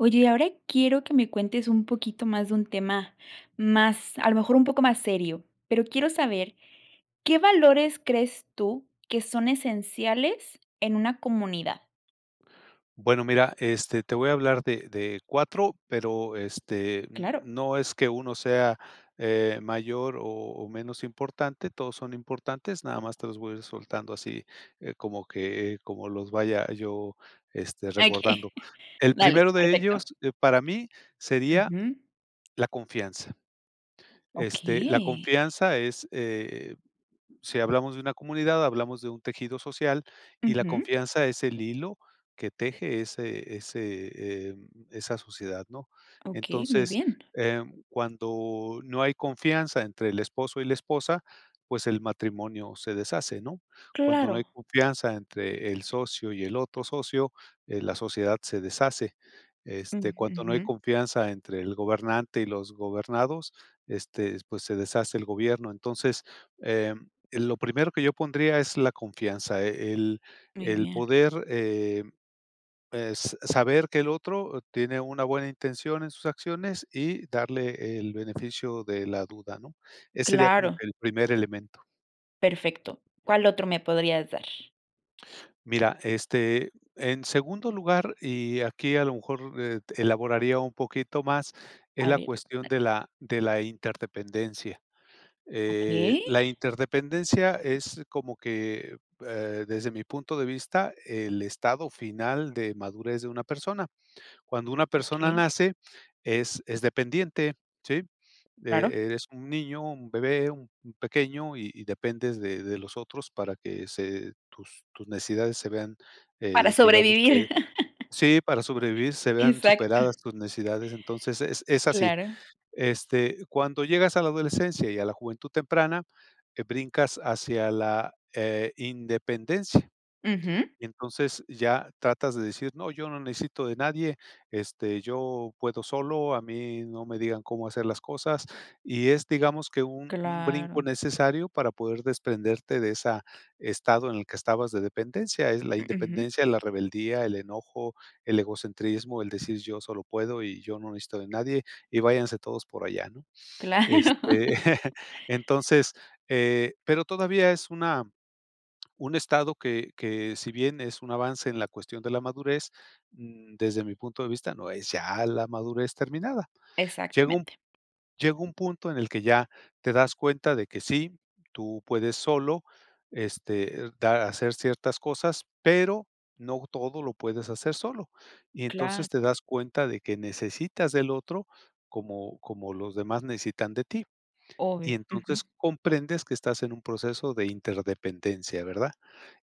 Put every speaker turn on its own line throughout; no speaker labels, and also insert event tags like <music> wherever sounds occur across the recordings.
Oye, y ahora quiero que me cuentes un poquito más, de un tema más, a lo mejor, un poco más serio. Pero quiero saber, ¿qué valores crees tú, que son esenciales en una comunidad?
Bueno, mira, este, te voy a hablar de de 4, pero este
Claro.
no es que 1 sea, eh, mayor o o menos importante, todos son importantes, nada más, te los voy a ir soltando así, eh, como que, como los vaya yo, este,
Okey.
recordando.
<chuckles>
El
Dale,
primero de ellos,
perfecto.
eh, para mí sería
Ujú.
la confianza. Este, la
Okey.
confianza es, eh, si hablamos de una comunidad, hablamos de un tejido social, y la
Ujú.
confianza es el hilo que teje ese ese, eh esa sociedad, ¿no?
Okey, muy
Entonces,
bien.
em, cuando no hay confianza entre el esposo y la esposa, pues el matrimonio se deshace, ¿no? Cuando no hay
Claro.
confianza entre el socio y el otro socio, eh, la sociedad se deshace. Este,
Mm,
cuando no hay
ujú.
confianza entre el gobernante y los gobernados, este, pues se deshace el gobierno. Entonces, eh, lo primero que yo pondría, es la confianza. El
Muy
el
bien.
poder, eh, es s saber que el otro tiene una buena intención en sus acciones, y darle el beneficio de la duda, ¿no? Ese sería como
Claro.
que el primer elemento.
Perfecto ¿Cuál otro me podrías dar?
Mira, este, en segundo lugar, y aquí a lo mejor, eh, t elaboraría un poquito más, es
A
la
ver.
cuestión
Ándale.
de la de la interdependencia. Eh,
Okey.
la interdependencia, es como que, eh, desde mi punto de vista, el estado final de madurez, de una persona. Cuando una persona
Okey.
nace, es es dependiente, ¿sí?
Claro.
E eres un niño, un bebé, un pequeño, y y dependes de de los otros, para que se tus tus necesidades se vean,
Para
eh, digamos, que
sobrevivir. <laughs>
Sí, para sobrevivir, se vean
Exacto.
superadas tus necesidades. Entonces, es es así.
Claro.
Este, cuando llegas a la adolescencia, y a la juventud temprana, brincas hacia la, eh, independencia.
Ujú.
Entonces, ya tratas de decir: "No, yo no necesito de nadie. Este, yo puedo solo. A mí no me digan, cómo hacer las cosas". Y es, digamos, que un un brinco
Claro.
necesario, para poder desprenderte de esa estado, en el que estabas de dependencia. Es la
Ujú.
independencia, la rebeldía, el enojo, el egocentrismo. El decir: "Yo solo puedo, y yo no necesito de nadie, y váyanse todos por allá", ¿no? Este,
Claro.
<laughs> entonces, eh, pero todavía, es una un estado, que que si bien es un avance, en la cuestión de la madurez, desde mi punto de vista, no es ya la madurez terminada. Llega un
Exactamente.
llega un punto, en el que ya te das cuenta, de que sí, tú puedes solo, este, dar hacer ciertas cosas, pero no todo, lo puedes hacer solo. Y
Claro.
entonces, te das cuenta de que necesitas del otro, como como los demás, necesitan de ti.
Obvio.
Y
Ujú.
entonces, comprendes que estás en un proceso de interdependencia, ¿verdad?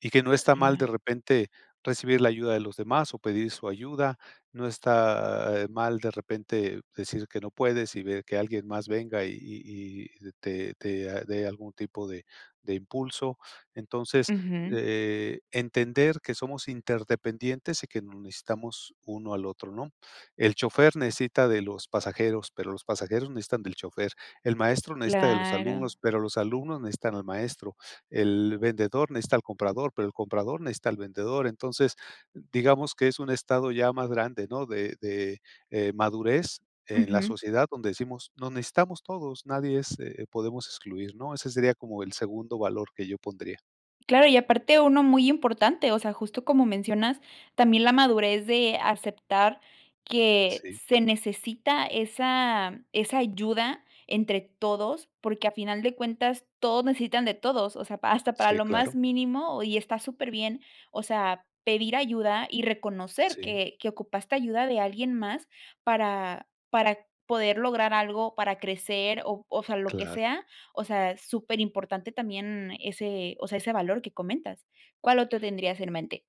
Y que no está mal de
<unintelligible>
repente, recibir la ayuda de los demás, o pedir su ayuda. No está, eh, mal, de repente, decir que no puedes, y ver que alguien más venga, y y y te te dé algún tipo de de impulso. Entonces,
Ujú.
eh, entender que somos interdependientes, y que nos necesitamos uno al otro, ¿no? El chofer necesita de los pasajeros, pero los pasajeros necesitan del chofer. El maestro necesita de los
Claro.
alumnos, pero los alumnos necesitan al maestro. El vendedor necesita al comprador, pero el comprador necesita al vendedor. Entonces, digamos, que es un estado ya más grande, ¿no?, de de, eh, madurez, en la
Ujú.
sociedad donde decimos: "Nos necesitamos todos". Nadie es eh, podemos excluir, ¿no? Ese sería, como el segundo valor, que yo pondría.
Claro. Y aparte, uno muy importante, o sea, justo, como mencionas también la madurez de aceptar que
Sí.
se necesita esa esa ayuda entre todos, porque, a final de cuentas, todos necesitan de todos, o sea, pa hasta para
Sí,
lo más
claro.
mínimo y está su superbién. O sea, pedir ayuda y reconocer
Sí.
que que ocupaste ayuda de alguien más para para poder lograr algo, para crecer, o fa lo que
Claro.
sea, o sea, superimportante también ese o sea, ese valor que comentas. ¿Cuál otro tendrías en mente?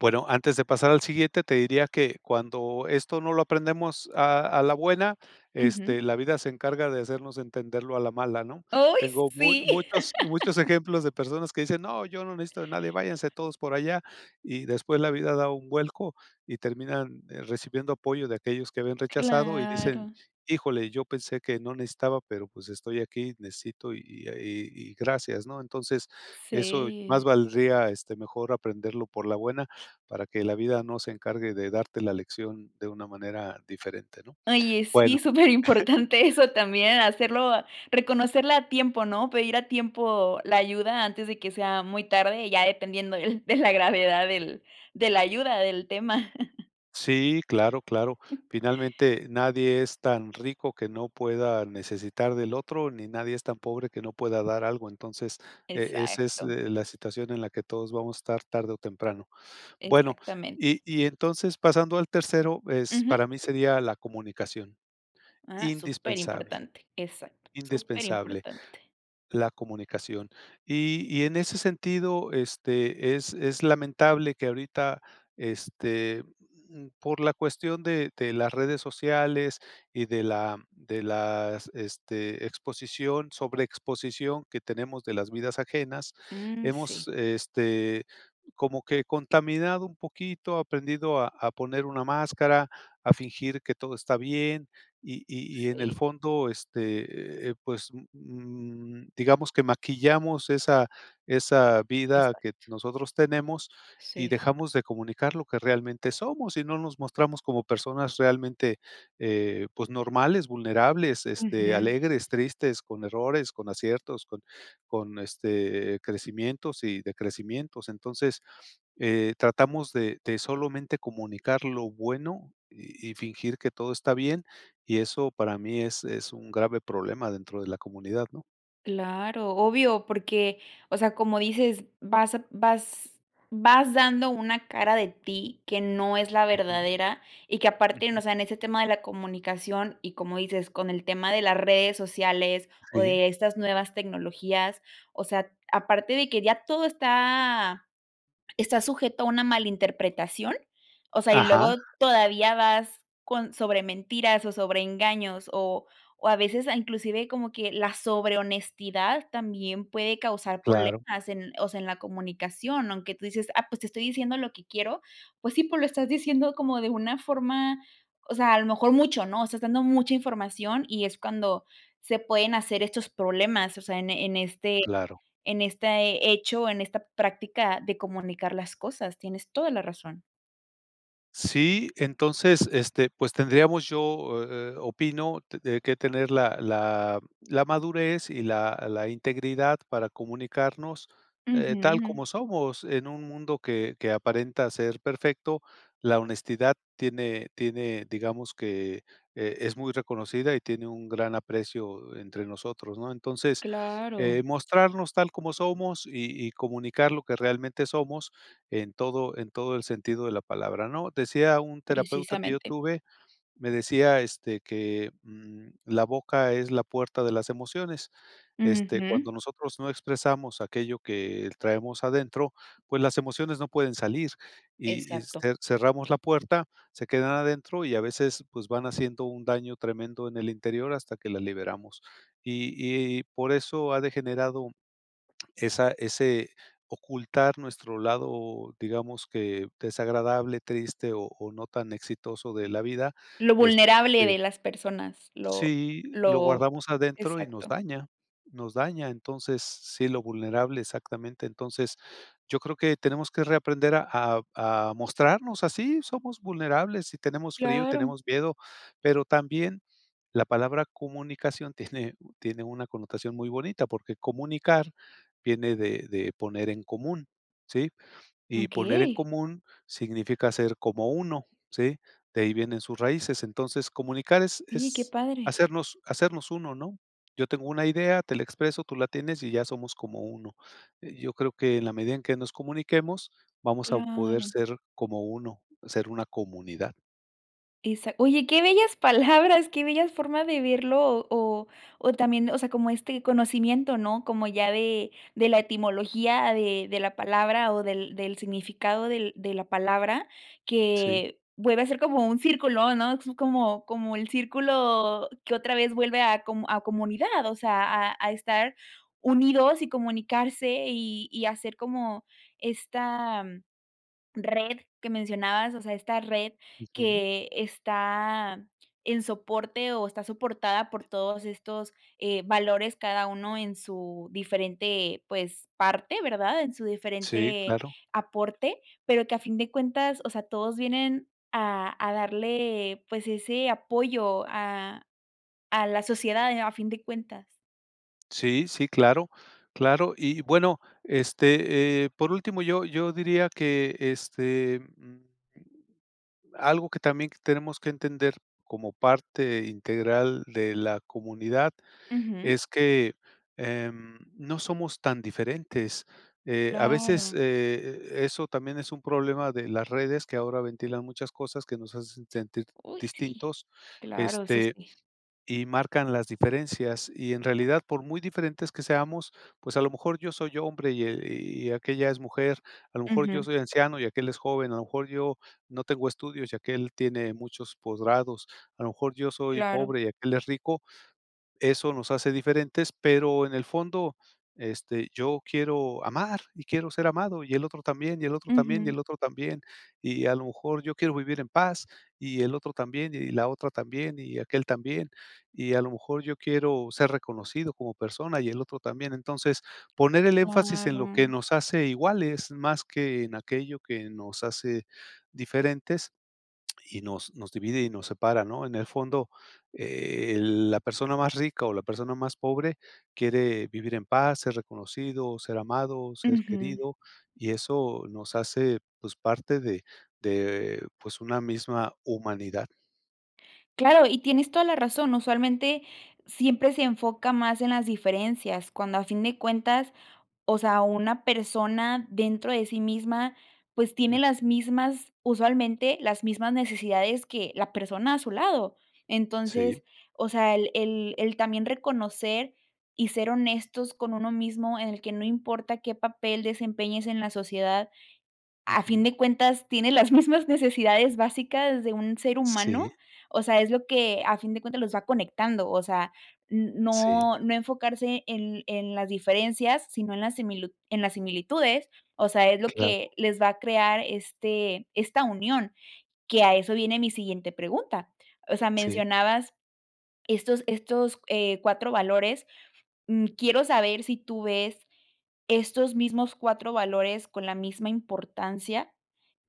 Bueno, antes de pasar al siguiente, te diría que cuando esto no lo aprendemos a a la buena,
Ujú.
este, la vida se encarga de hacernos entenderlo a la mala, ¿no?
Uy,
Tengo mu
sí.
muchos muchos
<laughs>
ejemplos de personas que dicen: "No, yo no necesito de nadie, váyanse todos por allá", y después la vida da un vuelco y terminan, eh, recibiendo apoyo de aquellos que habían rechazado y dicen:
Claro.
"Híjole, yo pensé que no necesitaba, pero, pues, estoy aquí y necesito, y y y y gracias", ¿no? Entonces, eso más
Sí.
valdría, este, mejor aprenderlo por la buena para que la vida no se encargue de darte la lección de una manera diferente, ¿no?
Oye, sí,
Bueno. <chuckles>
superimportante eso también hacerlo a reconocerla a tiempo, ¿no?, pedir a tiempo la ayuda antes de que sea muy tarde, y ya dependiendo del de la gravedad del de la ayuda del tema. <laughs>
Sí, claro, claro.
<chuckles>
Finalmente, nadie es tan rico que no pueda necesitar del otro, ni nadie es tan pobre que no pueda dar algo. Entonces, eh, ese es.
Exacto.
eh, la situación en la que todos vamos a estar tarde o temprano. Bueno,
Exactamente.
y y entonces, pasando al tercero, es
Ujú.
para mí, sería la comunicación,
Ah,
indispensable,
superimportante, exacto,
indispensable
superimportante.
la comunicación. Y y en ese sentido, este, es es lamentable que ahorita, este, mm, por la cuestión de de las redes sociales y de la de las, este, exposición sobreexposición que tenemos de las vidas ajenas,
Mm,
hemos,
sí.
este, como que contaminado un poquito, aprendido a a poner una máscara, a fingir que todo está bien y y y en el
Sí.
fondo este, eh, pues, mm, digamos que maquillamos esa esa vida que
Exacto.
nosotros tenemos y
Sí.
dejamos de comunicar lo que realmente somos, y no nos mostramos como personas realmente, eh, pues, normales, vulnerables, este,
Ujú.
alegres, tristes, con errores, con aciertos, con con, este, crecimientos y decrecimientos. Entonces, eh, tratamos de de solamente, comunicar lo bueno y y fingir que todo está bien. Y eso, para mí, es es un grave problema dentro de la comunidad, ¿no?
Claro, obvio, porque, o sea, como dices, vas a vas vas dando una cara de ti que no es la
Ujú.
verdadera y que aparte,
Ujú.
o sea, en ese tema de la comunicación, y como dices, con el tema de las redes sociales o
Sí.
de estas nuevas tecnologías, o sea, aparte de que ya todo está está sujeto a una malinterpretación, o sea, y
Ajá.
luego todavía vas con sobre mentiras o sobre engaños, o o a veces, a inclusive, como que la sobre honestidad también puede causar
Claro.
problemas en, o sea, en la comunicación, aunque tú dices: "Ah, pues te estoy diciendo lo que quiero". Pues, sí, pero lo estás diciendo como de una forma, o sea, a lo mejor mucho, ¿no? Estás dando mucha información y es cuando se pueden hacer estos problemas, o sea, en e en este
Claro.
en este hecho, en esta práctica de comunicar las cosas, tienes toda la razón.
Sí. Entonces, este, pues, tendríamos yo eh eh, opino de de que tener la la la madurez y la la integridad para comunicarnos, eh, tal
Ujú.
como somos, en un mundo que que aparenta ser perfecto. La honestidad tiene tiene, digamos que, eh, es muy reconocida y tiene un gran aprecio entre nosotros, ¿no? Entonces,
Claro.
eh, mostrarnos tal como somos y y comunicar lo que realmente somos en todo en todo el sentido de la palabra, ¿no? Decía un terapeuta que yo
Precisamente.
tuve, me decía, este, que, mm: "La boca es la puerta de las emociones". Este, cuando
Ujú.
nosotros no expresamos aquello que traemos adentro, pues, las emociones no pueden salir y y,
Exacto.
este, cerramos la puerta, se quedan adentro y a veces, pues, van haciendo un daño tremendo en el interior hasta que la liberamos. Y y por eso ha degenerado esa ese ocultar nuestro lado, digamos que desagradable, triste o o no tan exitoso de la vida,
Lo
este,
vulnerable
porque
de las personas, lo
Sí, lo
lo
guardamos adentro y nos
Exacto.
daña, nos daña, entonces, sí, lo vulnerable exactamente. Entonces, yo creo que tenemos que reaprender a a a mostrarnos así, somos vulnerables y tenemos frío, y
Claro.
tenemos miedo, pero también la palabra comunicación tiene tiene una connotación muy bonita, porque comunicar viene de de poner en común, ¿sí? Y poner en
Okey.
común, significa ser como uno, ¿sí? De ahí vienen sus raíces. Entonces, comunicar es
Oye, qué
es
padre.
hacernos hacernos uno, ¿no?, yo tengo una idea, te la expreso, tú la tienes y ya somos como uno. Eh, yo creo que en la medida en que nos comuniquemos vamos a poder
Claro.
ser como uno, ser una comunidad.
Exac oye, qué bellas palabras. Qué bellas formas de verlo o o o también, o sea, como este conocimiento, ¿no? Como ya de de la etimología de de la palabra o del del significado del de la palabra
Sí.
que vuelve a ser como un círculo, ¿no? como como el círculo que otra vez vuelve a com a comunidad, o sea, a a estar unidos y comunicarse y y hacer como esta red que mencionabas. O sea, esta red
Ujú.
que está en soporte o está soportada por todos estos, eh, valores cada uno en su diferente, pues, parte, ¿verdad? En su
Sí,
diferente
claro.
aporte, pero que a fin de cuentas, o sea, todos vienen a a darle, pues, ese apoyo a a la sociedad a fin de cuentas.
Sí, sí, claro, claro. Y bueno, este, eh, por último, yo yo diría que este, mm Algo que también tenemos que entender como parte integral de la comunidad
Ujú.
es que, em, no somos tan diferentes, eh, a veces,
Claro.
eh, eso también es un problema de las redes que ahora ventilan muchas cosas que nos hacen sentir
Uy, sí,
distintos,
claro, eso
este,
sí.
y marcan las diferencias, y en realidad, por muy diferentes que seamos, pues, a lo mejor yo soy hombre y e y aquella es mujer. A lo mejor yo
Ujú.
soy anciano y aquél es joven. A lo mejor yo no tengo estudios y aquél tiene muchos posgrados. A lo mejor yo soy
Claro.
pobre y aquél es rico. Eso nos hace diferentes, pero en el fondo, este, yo quiero amar y quiero ser amado y el otro también y el otro también y
Ujú.
el otro también y a lo mejor yo quiero vivir en paz y el otro también y la otra también y aquél también. Y a lo mejor yo quiero ser reconocido como persona y el otro también. Entonces poner el énfasis en lo que
Claro.
nos hace iguales más que en aquello que nos hace diferentes y nos nos divide y nos separa, ¿no? En el fondo, eh, la persona más rica o la persona más pobre quiere vivir en paz, ser reconocido, ser amado, ser
Ujú.
querido y eso nos hace, pues, parte de de, pues, una misma humanidad.
Claro, y tienes toda la razón. Usualmente siempre se enfoca más en las diferencias cuando a fin de cuentas, o sea, una persona dentro de sí misma, pues tiene las mismas usualmente las mismas necesidades que la persona a su lado.
Sí.
Entonces, o sea, el el el también reconocer y ser honestos con uno mismo en el que no importa qué papel desempeñes en la sociedad. A fin
Ujú.
de cuentas tiene las mismas necesidades básicas de un ser
Sí.
humano. O sea, es lo que a fin de cuentas los va conectando. O sea,
Sí.
no, no enfocarse en en las diferencias, sino en las en las similitu en las similitudes. O sea, es lo
Claro.
que les va a crear este esta unión que a eso viene mi siguiente pregunta. O sea,
Sí.
mencionabas estos estos, eh, cuatro valores. Mm, quiero saber si tú ves estos mismos cuatro valores con la misma importancia,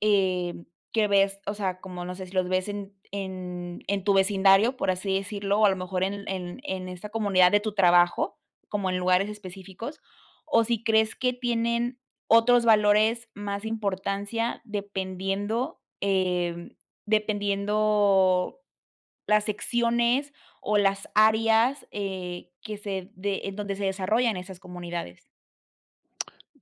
eh, que ves o sea, como no sé si los ves en en en tu vecindario, por así decirlo, o a lo mejor en en en esta comunidad de tu trabajo, como en lugares específicos o si crees que tienen otros valores más importancia dependiendo, eh, dependiendo las secciones o las áreas, eh, que se de en donde se desarrollan esas comunidades.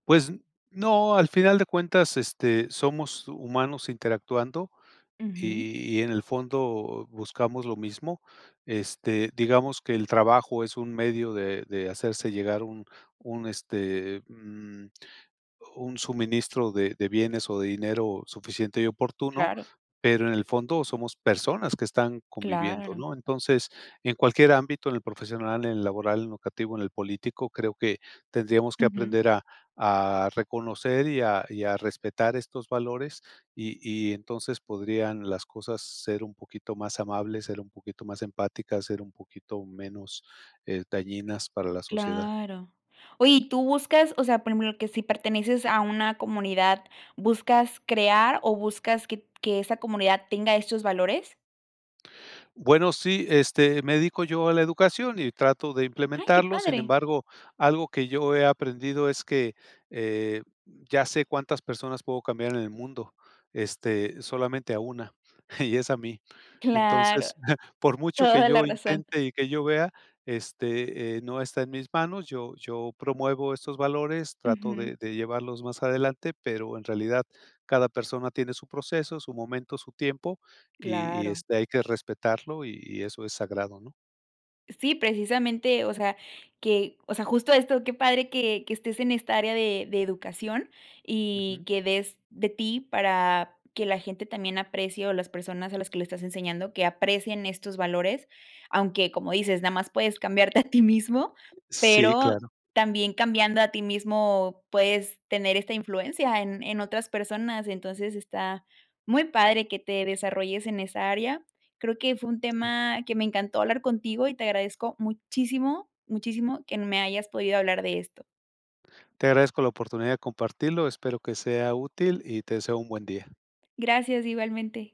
Pues no, al final de cuentas, este, somos humanos interactuando
Ujú.
y y en el fondo buscamos lo mismo. Este, digamos que el trabajo es un medio de de hacerse llegar un un este, mm, un suministro de de bienes o de dinero suficiente y oportuno.
Claro.
Pero en el fondo somos personas que están conviviendo,
Claro.
¿no? Entonces, en cualquier ámbito, en el profesional, en el laboral, educativo, en el político, creo que tendríamos que
Ujú.
aprender a a reconocer y a y a respetar estos valores y y entonces podrían las cosas ser un poquito más amables, ser un poquito más empáticas, ser un poquito menos, eh, dañinas para la sociedad.
Claro. Oye, ¿y tú buscas, o sea, por ejemplo, que si perteneces a una comunidad, buscas crear o buscas que que esa comunidad tenga estos valores?
Bueno, sí, este, me dedico yo a la educación y trato de
Ay, qué
implementarlo. Sin
padre.
embargo, algo que yo he aprendido es que, eh, ya sé cuántas personas puedo cambiar en el mundo. Este solamente a una y es a mí.
Claro.
Entonces, <chuckles> por mucho que
Toda la
yo
razón.
intente y que yo vea este, eh, no está en mis manos. Yo yo promuevo estos valores, trato
Ujú.
de de llevarlos más adelante, pero en realidad cada persona tiene su proceso, su momento, su tiempo y y
Claro.
este, hay que respetarlo y y eso es sagrado, ¿no?
Sí, precisamente, o sea que o sea, justo esto, qué padre que que estés en esta área de de educación y
Ujú.
que des de ti para que la gente también aprecie, o las personas a las que lo estás enseñando, que aprecien estos valores, aunque, como dices, nada más puedes cambiarte a ti mismo,
Sí,
pero
claro.
también cambiando a ti mismo, puedes tener esta influencia en en otras personas, entonces está muy padre que te desarrolles en esa área. Creo que fue un
Sí.
tema que me encantó hablar contigo y te agradezco muchísimo, muchísimo que me hayas podido hablar de esto.
Te agradezco la oportunidad de compartirlo. Espero que sea útil y te deseo un buen día.
Gracias, igualmente.